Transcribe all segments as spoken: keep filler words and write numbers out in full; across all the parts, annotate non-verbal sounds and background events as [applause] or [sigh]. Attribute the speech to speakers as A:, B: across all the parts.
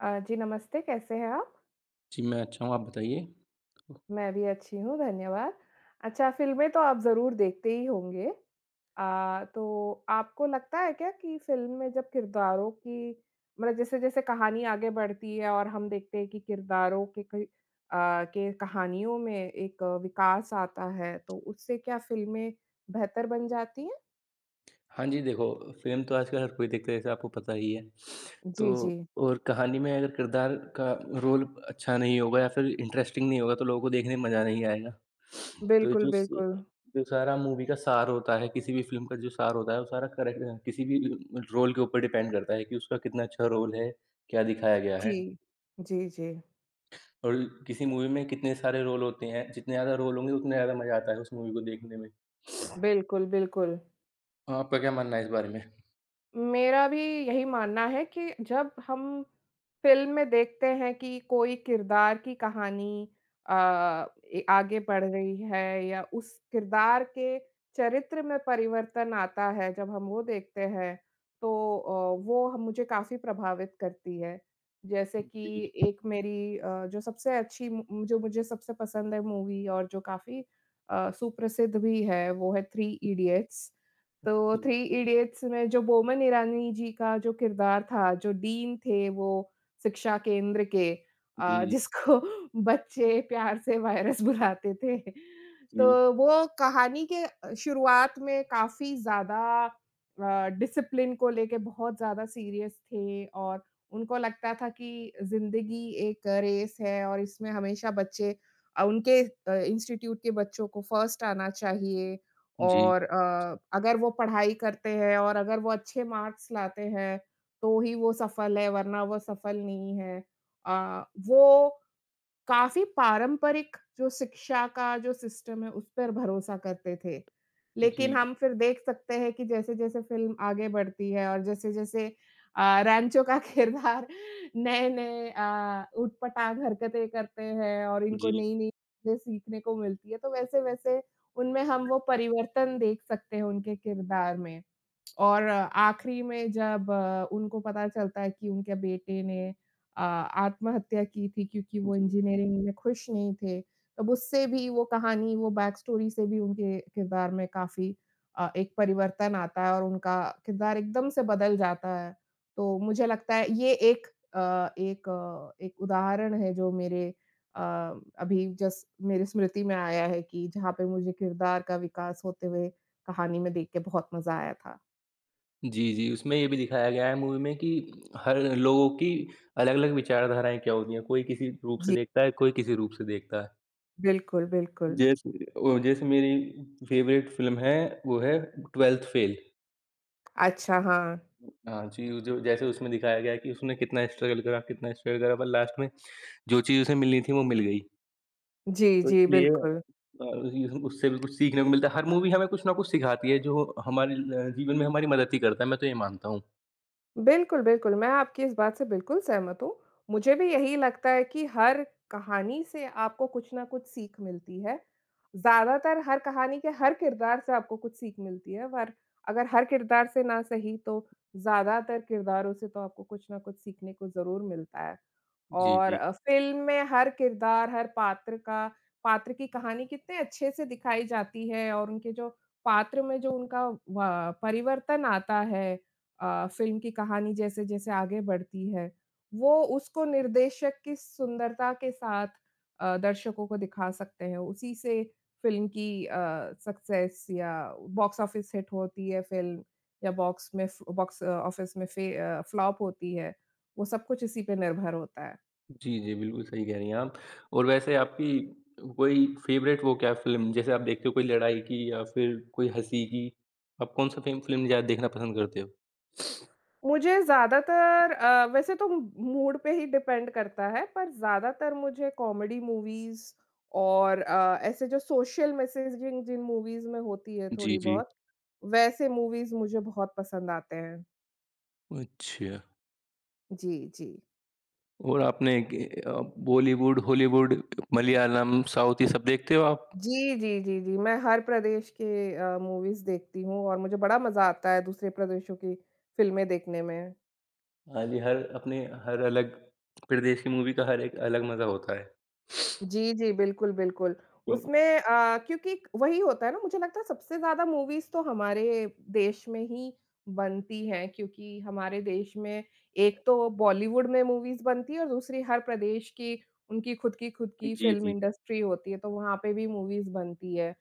A: अ, जी नमस्ते, कैसे हैं आप?
B: जी, मैं अच्छा हूँ, आप बताइए?
A: मैं भी अच्छी हूँ, धन्यवाद। अच्छा, फ़िल्में तो आप ज़रूर देखते ही होंगे अ, तो आपको लगता है क्या कि फ़िल्म में जब किरदारों की मतलब जैसे-जैसे कहानी आगे बढ़ती है और हम देखते हैं कि किरदारों के कई अ, के कहानियों में एक विकास आता है, तो उससे क्या फ़िल्में, बेहतर बन जाती हैं?
B: हाँ जी, देखो, फ़िल्म तो आजकल हर कोई देखता है जैसे आपको पता ही है। [sniffs]
A: जी,
B: तो
A: जी।
B: और कहानी में अगर किरदार का रोल अच्छा नहीं होगा या फिर इंटरेस्टिंग नहीं होगा, तो लोगों को देखने में मज़ा नहीं आएगा। [sniffs] तो ये
A: बिल्कुल,
B: जो स
A: बिल्कुल।
B: जो सारा मूवी का सार होता है, किसी भी फ़िल्म का जो सार होता है, वो सारा करेक अ, किसी भी उ अ, रोल के ऊपर डिपेंड करता है कि उसका कितना अच्छा रोल है, क्या दिखाया गया है?
A: जी। जी, जी।
B: और ल किसी मूवी में कितने सारे रोल होते हैं, जितने ज़्यादा रोल होंगे उतना ज़्यादा मज़ा आता है उस मूवी को देखने में। [sniffs]
A: बिल्कुल, बिल्कुल।
B: आपका क्या मानना है इस बारे में?
A: मेरा भी यही मानना है कि, जब हम फ़िल्म में देखते हैं कि कोई किरदार की कहानी अ, ए आगे बढ़ रही है या उस किरदार के चरित्र में परिवर्तन आता है जब हम वो देखते हैं, तो अ, वो ह मुझे काफ़ी प्रभावित करती है। जैसे
B: जी।
A: कि, एक मेरी अ, जो सबसे अच्छी मु जो मुझे सबसे पसंद है मूवी और जो काफ़ी अ, सुप्रसिद्ध भी है, वो है "थ्री इडियट्स।" तो
B: जी।
A: थ्री इडियट्स में जो बोमन इरानी जी का जो किरदार था, जो डीन थे वो शिक्षा केंद्र के
B: जी,
A: अ,
B: जी।
A: जिसको बच्चे प्यार से वायरस बुलाते थे।
B: जी।
A: तो वो कहानी के अ, शुरुआत में काफ़ी ज़्यादा अ, डिसिप्लिन को लेके बहुत ज़्यादा सीरियस थे और उनको लगता था कि, ज़िंदगी एक रेस है और इसमें हमेशा बच्चे अ, उनके इंस्टीट्यूट के बच्चों को फर्स्ट आना चाहिए।
B: जी।
A: और अ, अगर वो पढ़ाई करते हैं और अगर वो अच्छे मार्क्स लाते हैं, तो ही वो सफल है वरना वो सफल नहीं है। अ, वो काफ़ी पारंपरिक जो शिक्षा का जो सिस्टम है उस पर भरोसा करते थे, लेकिन
B: जी।
A: हम फिर देख सकते हैं कि जैसे-जैसे फ़िल्म आगे बढ़ती है और जैसे-जैसे अ, रैनचो का किरदार नए-नए अ, उट-पटाँग हरकतें करते हैं और इनको
B: जी।
A: नई-नई चीजें सीखने को मिलती है, तो वैसे-वैसे उनमें हम वो परिवर्तन देख सकते हैं उनके किरदार में। और आख़िरी में जब अ, उनको पता चलता है कि उनके बेटे ने अ, आत्महत्या की थी क्योंकि वो
B: जी।
A: इंजीनियरिंग में खुश नहीं थे, तो उससे भी वो कहानी वो बैक स्टोरी से भी उनके किरदार में काफ़ी अ, एक परिवर्तन आता है और उनका किरदार एकदम से बदल जाता है। तो मुझे लगता है ये एक अ, एक अ, एक उदाहरण है जो मेरे अ, अभी जस्ट मेरे स्मृति में आया है कि जहाँ पे मुझे किरदार का विकास होते हुए, कहानी में देख के बहुत मज़ा आया था।
B: जी, जी। उसमें ये भी दिखाया गया है मूवी में कि हर लोगों की अलग-अलग विचारधाराएँ क्या होती हैं, कोई किसी रूप से
A: जी।
B: देखता है, कोई किसी रूप से देखता है।
A: बिल्कुल, बिल्कुल।
B: जैसे ओ जैसे मेरी फेवरेट फिल्म है वो है, ट्वेल्थ फेल।
A: अच्छा, हाँ।
B: हाँ जी, उ जो जैसे उसमें दिखाया गया है कि उसने कितना स्ट्रगल करा कितना स्ट्रगल करा पर लास्ट में, जो चीज़ उसे मिलनी थी वो मिल गई।
A: जी,
B: तो
A: जी,
B: इसलिए
A: बिल्कुल।
B: अ, हु हु उससे भी कुछ सीखने को मिलता है, हर मूवी हमें कुछ ना कुछ सिखाती है जो हमारे ल जीवन में हमारे मदद ही करता है। मैं तो ये मानता हूँ।
A: बिल्कुल, बिल्कुल, मैं आपकी इस बात से बिल्कुल सहमत हूँ, मुझे भी यही लगता है कि हर कहानी से आपको कुछ ना कुछ सीख मिलती है। ज़्यादातर हर कहानी के हर किरदार से आपको कुछ सीख मिलती है और अगर हर किरदार से न सही तो ज़्यादातर किरदारों से तो आपको कुछ न कुछ सीखने को ज़रूर मिलता है। और
B: जी।
A: अ, फ़िल्म में हर किरदार, हर पात्र का पात्र की कहानी कितने अच्छे से दिखाई जाती है और उनके जो पात्र में जो उनका व परिवर्तन आता है। अ, फ़िल्म की कहानी जैसे-जैसे आगे बढ़ती है, वो उसको निर्देशक की सुंदरता के साथ अ, दर्शकों को दिखा सकते हैं उसी से, फ़िल्म की अ, सक्सेस या बॉक्स ऑफिस हिट होती है फ़िल्म, या बॉक्स में बॉक्स ऑफिस में फे अ, फ्लॉप होती है, वो सब कुछ इसी पे निर्भर होता है।
B: जी, जी, बिल्कुल सही कह रही हैं आप और वैसे आपकी कोई फेवरेट वो क्या फ़िल्म जैसे आप देखते हो कोई लड़ाई की या फिर कोई हँसी की? आप कौन-सा फ़िल्म फ़िल्म ज़्यादा देखना पसंद करते हो? [sniffs]
A: मुझे ज़्यादातर अ, वैसे तो मूड पे ही डिपेंड करता है पर ज़्यादातर मुझे कॉमेडी मूवीज़ और अ, ऐसे जो सोशल मेसेजिंग जिन मूवीज़ में होती है
B: जी,
A: थोड़ी
B: जी।
A: बहुत, वैसे मूवीज़ मुझे बहुत पसंद आती हैं।
B: अच्छा।
A: जी, जी।
B: और आपने ग अ, बॉलीवुड, हॉलीवुड, मलयालम, साउथ ये सब देखते हो आप?
A: जी, जी, जी, जी। मैं हर प्रदेश के अ, मूवीज़ देखती हूँ और मुझे बड़ा मज़ा आता है दूसरे प्रदेशों की फ़िल्में देखने में।
B: हाँ जी, हर अपने हर अलग प्रदेश की मूवी का हर एक अलग मज़ा होता है। [sniffs]
A: जी, जी, बिल्कुल, बिल्कुल,
B: [unintelligible]
A: उसमें अ, क्योंकि वही होता है ना, मुझे लगता है सबसे ज़्यादा मूवीज़ तो हमारे देश में ही बनती हैं, क्योंकि हमारे देश में एक तो बॉलीवुड में मूवीज़ बनती है और दूसरी हर प्रदेश की उनकी खुद की खुद
B: अ,
A: की
B: जी,
A: फ़िल्म
B: जी, जी।
A: इंडस्ट्री होती है, तो वहाँ पे भी मूवीज़ बनती है।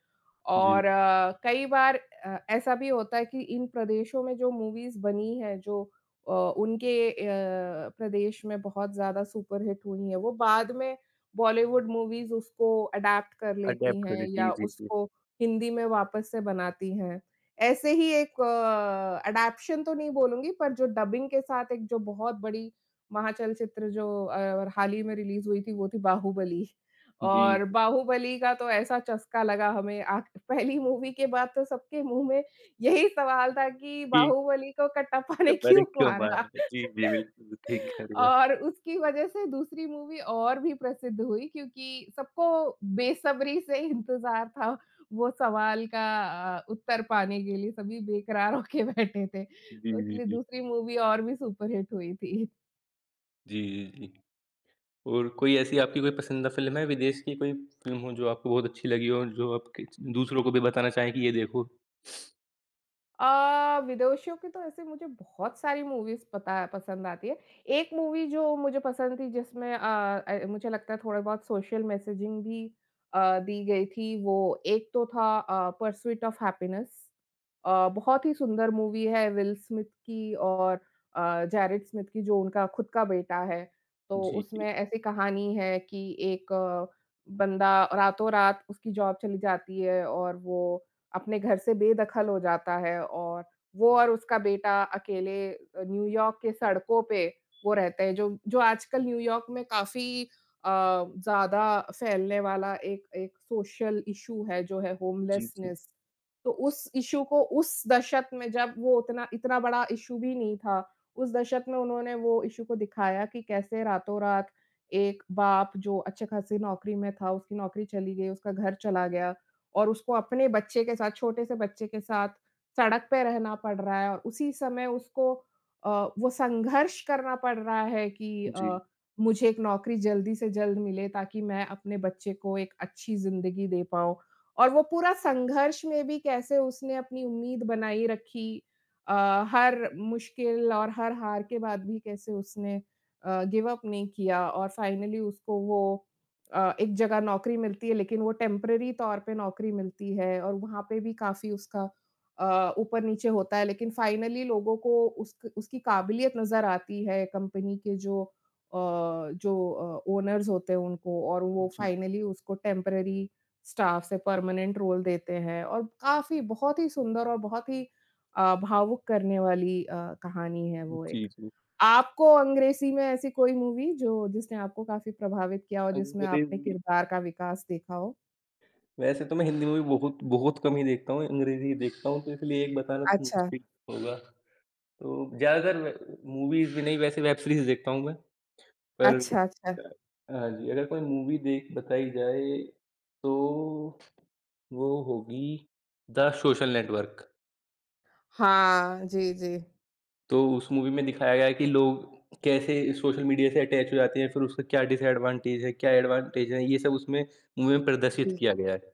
A: और
B: जी।
A: अ, कई बार अ, ऐसा भी होता है कि इन प्रदेशों में जो मूवीज़ बनी हैं जो अ, उनके अ, प्रदेश में बहुत ज़्यादा सुपरहिट हुई है वो बाद में बॉलीवुड मूवीज़ उसको एडैप्ट कर लेती
B: अडैप्ट करें।
A: हैं
B: जी,
A: या
B: जी, जी।
A: उसको हिंदी में वापस से बनाती हैं। ऐसे ही एक अ, एडॉप्शन तो नहीं बोलूँगी पर जो डबिंग के साथ एक जो बहुत बड़ी महाचल्चित्र जो अ, और हाल ही में रिलीज़ हुई थी वो थी बाहुबली।
B: जी।
A: और बाहुबली का तो ऐसा चस्का लगा हमें आख़िर पहली मूवी के बाद तो सबके मुँह में यही सवाल था कि
B: जी।
A: बाहुबली को कट्टाप्पा ने
B: सब बड़े
A: क्यों
B: क्यों
A: मारा?
B: मान रहे हैं? जी, जी,
A: [laughs]
B: बिल्कुल ठीक कह रही हो आप।
A: और उसकी वज़ह से दूसरी मूवी और भी प्रसिद्ध हुई क्योंकि सबको बेसब्री से इंतज़ार था वो सवाल का अ, उत्तर पाने के लिए सभी बेकरार होके बैठे थे।
B: जी,
A: तो
B: जी,
A: इसलिए
B: जी।
A: दूसरी मूवी और भी सुपर हिट हुई थी।
B: जी, जी, जी। और कोई ऐसी आपकी कोई पसंदीदा फ़िल्म है विदेश की कोई फ़िल्म हो जो आपको बहुत अच्छी लगी हो जो आपके दूसरों को भी बताना चाहें कि ये देखो?
A: अ, विदोषियों की तो ऐसे मुझे बहुत सारी मूवीज़ पता है पसंद आती है, एक मूवी जो मुझे पसंद थी जिसमें अ अ, मुझे लगता है थोड़े बहुत सोशल मेसेजिंग भी अ, दी गई थी, वो एक तो था अ, पर्स्यूट ऑफ हैप्पीनेस। अ, बहुत ही सुंदर मूवी है विल स्मिथ की और अ, जैरिट स्मिथ की जो उनका खुद का बेटा है। तो
B: जी, जी।
A: उसमें ऐसी कहानी है कि एक अ, बंदा रातों-रात उसकी जॉब चली जाती है और वो अपने घर से बेदखल हो जाता है और वो और उसका बेटा अकेले अ, न्यू यॉर्क के सड़कों पे, वो रहते हैं जो जो आजकल न्यू यॉर्क में काफ़ी अ, ज़्यादा फैलने वाला एक एक सोशल इश्यू है जो है
B: जी, जी।
A: होमलेसनेस, तो उस इश्यू को उस दशक में जब वो उतना इतना बड़ा इश्यू भी नहीं था, उस दशक में उन्होंने वो इश्यू को दिखाया कि कैसे रातों-रात एक बाप जो अच्छे-खासे नौकरी में था उसकी नौकरी चली गई उसका घर चला गया और उसको अपने बच्चे के साथ, छोटे से बच्चे के साथ सड़क पे रहना पड़ रहा है और उसी समय उसको अ, वो संघर्ष करना पड़ रहा है कि अ,
B: जी।
A: मुझे एक नौकरी जल्दी से जल्द मिले, ताकि मैं अपने बच्चे को एक अच्छी ज़िंदगी दे पाऊँ। और वो पूरा संघर्ष में भी कैसे उसने अपनी उम्मीद बनाई रखी अ, हर मुश्किल और हर हार के बाद भी कैसे उसने अ, गिव अप नहीं किया और फाइनली उसको वो अ, एक जगह नौकरी मिलती है, लेकिन वो टेम्पररी तौर पे नौकरी मिलती है और वहाँ पे भी काफ़ी उसका अ, ऊपर-नीचे होता है लेकिन फाइनली लोगों को उसक उसकी काबिलियत नज़र आती है कंपनी के जो अ, जो अ, ओनर्स होते हैं उनको और वो
B: जी।
A: फाइनली उसको टेम्पररी स्टाफ़ से परमानेंट रोल देते हैं और काफ़ी बहुत ही सुंदर और बहुत ही अ, भावुक करने वाली अ, कहानी है वो
B: जी,
A: एक।
B: जी।
A: आपको अंग्रेज़ी में ऐसी कोई मूवी जो जिसने आपको काफ़ी प्रभावित किया और जिसमें आपने
B: अंग्रेज़ी
A: किरदार का विकास देखा हो?
B: वैसे तो मैं हिंदी मूवी बहुत, बहुत कम ही देखता हूँ, अंग्रेजी ही देखता हूँ, तो इसलिए एक बताना तो
A: अच्छा।
B: मुश्किल होगा। तो ज़्यादातर मैं मूवीज़ भी नहीं, वैसे वेब सीरीज़ देखता हूँ मैं। पर
A: अच्छा, अच्छा।
B: अ, हाँ जी, अगर कोई मूवी देख बताई जाए, तो वो होगी द सोशल नेटवर्क।
A: हाँ, जी, जी।
B: तो उस मूवी में दिखाया गया है कि लोग कैसे सोशल मीडिया से अटैच हो जाते हैं, फिर उसका क्या डिसएडवांटेज है, क्या एडवांटेज है, ये सब उसमें मूवी में प्रदर्शित
A: जी।
B: किया गया है।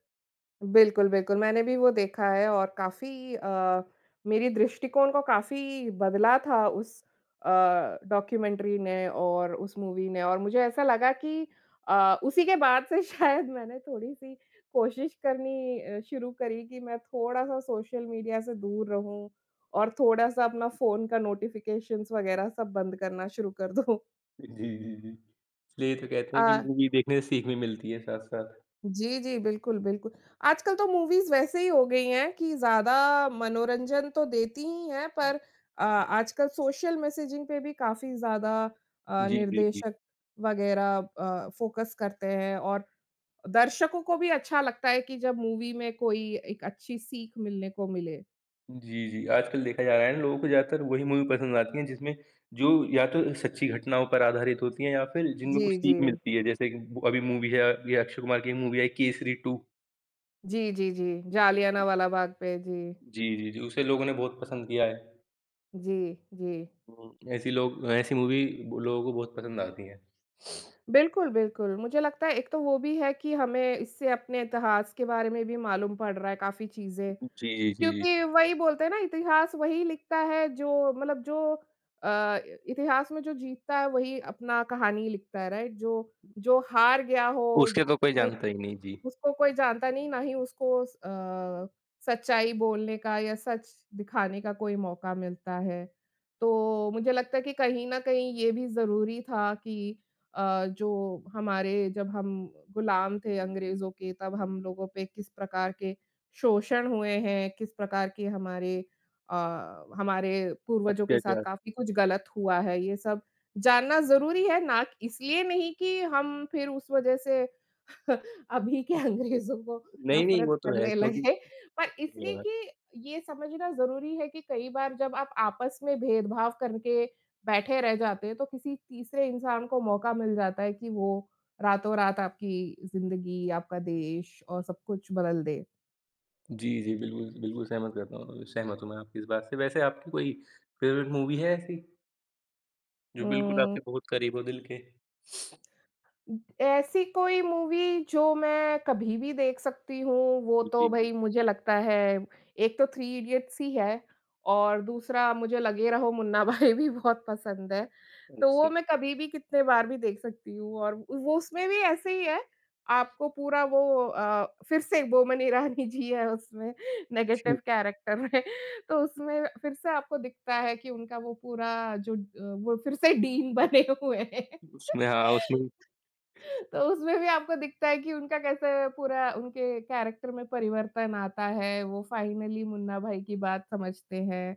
A: बिल्कुल, बिल्कुल। मैंने भी वो देखा है और काफ़ी अ, मेरी दृष्टिकोण को काफ़ी बदला था उस अ, डॉक्यूमेंट्री ने और उस मूवी ने। और मुझे ऐसा लगा कि अ, उसी के बाद से शायद मैंने थोड़ी-सी कोशिश करनी अ, शुरू करी कि मैं थोड़ा-सा सोशल मीडिया से दूर रहूँ, और थोड़ा-सा अपना फ़ोन का नोटिफ़िकेशंस वगैरह सब बंद करना शुरू कर दूँ।
B: इ जी, जी, जी। इसलिए तो कहते हैं कि
A: अ
B: मूवी देखने से सीख भी मिलती है साथ-साथ।
A: जी, जी, बिल्कुल, बिल्कुल। आजकल तो मूवीज़ वैसे ही हो गई हैं कि ज़्यादा मनोरंजन तो देती ही हैं पर अ, आजकल सोशल मेसेजिंग पे भी काफ़ी ज़्यादा अ,
B: जी, जी, जी।
A: निर्देशक वगैरह अ, फ़ोकस करते हैं, और दर्शकों को भी अच्छा लगता है कि जब मूवी में कोई एक अच्छी सीख मिलने को मिले।
B: जी, जी, आजकल देखा जा रहा है ना लोगों को ज़्यादातर वही मूवी पसंद आती है जिसमें जो या तो उन सच्ची घटनाओं पर आधारित होती है या फिर जिनमें कुछ
A: जी,
B: सीख
A: जी।
B: मिलती है, जैसे कि एक ब अभी मूवी है अ, अभी अक्षय कुमार की मूवी आई केसरी टू।
A: जी, जी, जी। जालियानवाला बाग पे। जी।
B: जी, जी, जी। जो उसे लोगों ने बहुत पसंद किया है।
A: जी, जी।
B: हुँ। ऐसी लोग ऐसी मूवी लोगों को बहुत पसंद आती है। [sniffs]
A: बिल्कुल, बिल्कुल, मुझे लगता है एक तो वो भी है कि हमें इससे अपने इतिहास के बारे में भी मालूम पड़ रहा है काफ़ी चीज़ें,
B: जी, जी।
A: क्योंकि वही बोलते हैं ना, इतिहास वही लिखता है जो मतलब जो अ, इतिहास में जो जीतता है वही अपना कहानी लिखता है, राइट? जो जो हार गया हो,
B: उसके तो कोई
A: वो,
B: जानता ही नहीं। जी।
A: उसको कोई जानता नहीं ना ही उसको अ, सच्चाई बोलने का या सच दिखाने का कोई मौका मिलता है, तो मुझे लगता है कि कहीं न कहीं ये भी ज़रूरी था कि अ, जो हमारे जब हम गुलाम थे अंग्रेजों के तब हम लोगों पे किस प्रकार के शोषण हुए हैं, किस प्रकार की हमारे अ, हमारे पूर्वजों के साथ
B: अत्याचार।
A: काफ़ी कुछ गलत हुआ है ये सब जानना ज़रूरी है ना क इसलिए नहीं कि हम फिर उस वज़ह से [chuckles] अभी के अंग्रेज़ों को
B: नहीं, नहीं
A: नफ़रत
B: वो तो है
A: करने
B: क्योंकि
A: लगे, पर
B: जी,
A: इसलिए
B: हाँ।
A: कि ये समझना ज़रूरी है कि कई बार जब आप आपस में भेदभाव करके बैठे रह जाते हैं तो किसी तीसरे इंसान को मौका मिल जाता है कि वो रातों-रात आपकी ज़िंदगी, आपका देश और सब कुछ बदल दे।
B: जी, जी, बिल्कुल, बिल्कुल, सहमत करता हूँ सहमत हूँ मैं आपकी इस बात से वैसे आपकी कोई फ़ेवरेट मूवी है ऐसी? जो बिल्कुल आपके
A: उ
B: बहुत करीब हो दिल के। [sniffs]
A: ऐसी कोई मूवी जो मैं कभी भी देख सकती हूँ, वो तो
B: जी।
A: भई मुझे लगता है, एक तो थ्री इडियट्स ही है, और दूसरा मुझे लगे रहो मुन्ना भाई भी बहुत पसंद है। तो
B: अच्छा।
A: वो मैं कभी भी कितने बार भी देख सकती हूँ और व वो उसमें भी ऐसे ही है, आपको पूरा वो अ, फिर से बोमन ईरानी जी है उसमें, नेगेटिव
B: [sneezes]
A: कैरेक्टर में। तो उसमें फिर से आपको दिखता है कि उनका वो पूरा जो ड अ, वो फिर से डीन बने हुए हैं। [laughs]
B: उसमें हाँ उसमें
A: तो उसमें भी आपको दिखता है कि उनका कैसे पूरा उनके कैरेक्टर में परिवर्तन आता है, वो फ़ाइनली मुन्ना भाई की बात समझते हैं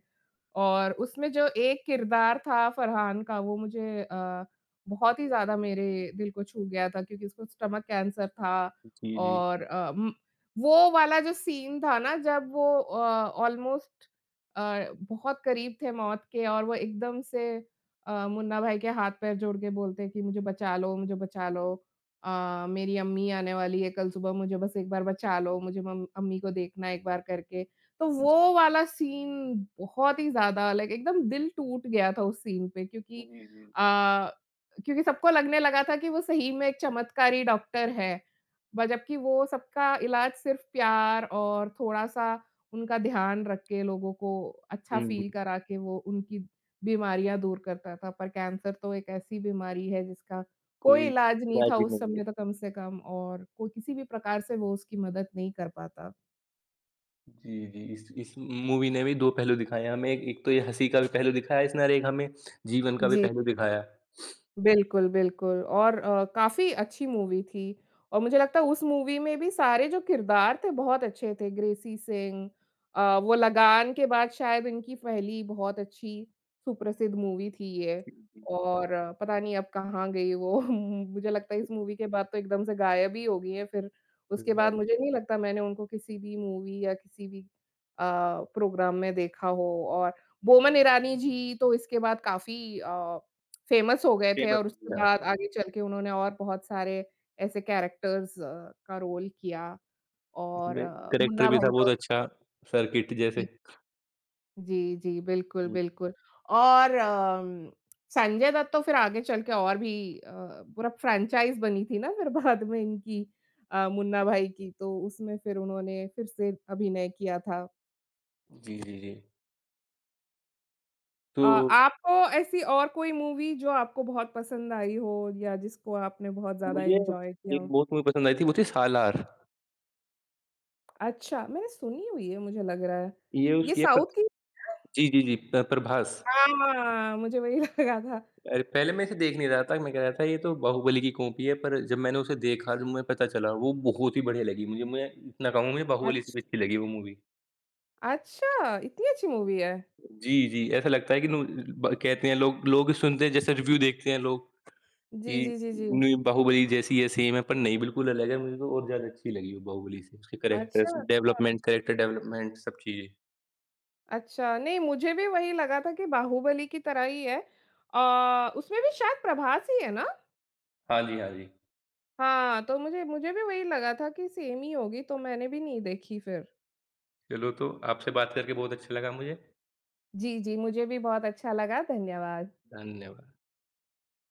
A: और उसमें जो एक किरदार था फ़रहान का वो मुझे अ, बहुत ही ज़्यादा मेरे दिल को छू गया था, क्योंकि उसको स्टमक कैंसर था
B: जी, जी।
A: और अ, म वो वाला जो सीन था ना जब वो अ, ऑलमोस्ट अ, बहुत करीब थे मौत के और वो एकदम से अ, मुन्ना भाई के हाथ-पैर जोड़ के बोलते हैं कि, "मुझे बचा लो मुझे बचा लो अ, मेरी अम्मी आने वाली है कल सुबह मुझे बस एक बार बचा लो, मुझे मम अम्मी को देखना एक बार करके।" तो
B: जी।
A: वो वाला सीन बहुत ही ज़्यादा लाइक एकदम दिल टूट गया था उस सीन पे क्योंकि
B: जी, जी।
A: अ, क्योंकि सबको लगने लगा था कि वो सही में एक चमत्कारी डॉक्टर है, ब जबकि वो सबका इलाज सिर्फ़ प्यार और थोड़ा-सा उनका ध्यान रख के लोगों को अच्छा
B: हुँ,
A: फील
B: हुँ।
A: करा के वो उनकी बीमारियाँ दूर करता था, पर कैंसर तो एक ऐसी बीमारी है जिसका कोई
B: कोई,
A: इलाज़ नहीं था
B: राजी
A: उस
B: नहीं है।
A: समय तक कम से कम और को किसी भी प्रकार से वो उसकी मदद नहीं कर पाता।
B: जी, जी। इस इस मूवी ने भी पहलू दिखाएँ हमें, एक तो ये हँसी का भी पहलू दिखाया है इसने और एक हमें जीवन का भी
A: जी।
B: पहलू दिखाया है। [sniffs]
A: बिल्कुल, बिल्कुल और अ, काफ़ी अच्छी मूवी थी। और मुझे लगता है उस मूवी में भी सारे जो किरदार थे बहुत अच्छे थे ग्रेसी सिंह अ, वो लगान के बाद शायद इनकी पहली बहुत अच्छी, सुप्रसिद्ध मूवी थी ये।
B: जी, जी।
A: और पता नहीं अब कहाँ गई वो मुझे लगता है इस मूवी के बाद तो एकदम से गायब ही हो गई हैं फिर, उसके
B: हाँ
A: बाद
B: जी।
A: मुझे नहीं लगता मैंने उनको किसी भी मूवी या किसी भी अ, प्रोग्राम में देखा हो और बोमन इरानी जी तो इसके बाद काफ़ी अ, फ़ेमस हो गए थे
B: कीमत
A: और उसके
B: हाँ
A: बाद
B: जी।
A: आगे चल के उन्होंने और बहुत सारे ऐसे कैरेक्टर्स अ, का रोल किया और
B: इसमें कैरेक्टर
A: मुन्ना
B: भी था
A: भाई
B: बहुत
A: तो
B: अच्छा, सर्किट
A: जी।
B: जैसे।
A: जी, जी, बिल्कुल,
B: हुँ।
A: बिल्कुल। और अम, संजय दत्त तो फिर आगे चल के और भी अ, पूरा फ्रैंचाइज़ बनी थी ना फिर बाद में इनकी अ, मुन्ना भाई की तो उसमें फिर उन्होंने फिर से अभिनय किया था।
B: जी, जी, जी।
A: अ,
B: तो
A: आपको ऐसी और कोई मूवी जो आपको बहुत पसंद आई हो या जिसको आपने बहुत ज़्यादा
B: मुझे एक
A: एन्जॉय किया हो?
B: बहुत सही मूवी पसंद आई थी, वो थी सालार।
A: अच्छा, मैंने सुनी हुई है मुझे लग रहा है,
B: ये
A: ये
B: उसकी है पर
A: साउथ की
B: जी, जी, जी। पर् प्रभास।
A: हाँ, म मुझे वही लगा था।
B: अरे, पहले मैं इसे देख नहीं रहा था मैं कह रहा था ये तो बाहुबली की कॉपी है पर जब मैंने उसे देखा, तो मुझे पता चला वो बहुत ही बढ़िया लगी मुझे मैं, इतना कहूँगा बाहुबली से
A: अच्छ
B: भी अच्छी लगी वो मूवी।
A: अच्छा, इतनी अच्छी मूवी है।
B: जी, जी, ऐसा लगता है कि ना लो ब कहते हैं लोग-लोग सुनते हैं जैसे रिव्यू देखते हैं लोग,
A: जी,
B: कि
A: जी, जी, जी।
B: नई बाहुबली जैसी है सेम है पर नहीं बिल्कुल अलग है मेरे को बहुत ज़्यादा अच्छी लगी वो बाहुबली से, उसकी
A: अच्छा,
B: कैरेक्टरस,
A: अच्छा।
B: डेवलपमेंट कैरेक्टर डेवलपमेंट सब चीज़ें।
A: अच्छा, नहीं मुझे भी वही लगा था कि बाहुबली की तरह ही है। अ, उसमें भी शायद प्रभास ही है ना?
B: हाँ जी, हाँ जी।
A: हाँ, तो मुझे मुझे भी वही लगा था कि सेम ही होगी तो मैंने भी नहीं देखी फिर।
B: चलो तो, आपसे बात करके बहुत अच्छा लगा, मुझे।
A: जी, जी। मुझे भी बहुत अच्छा लगा, धन्यवाद।
B: धन्यवाद।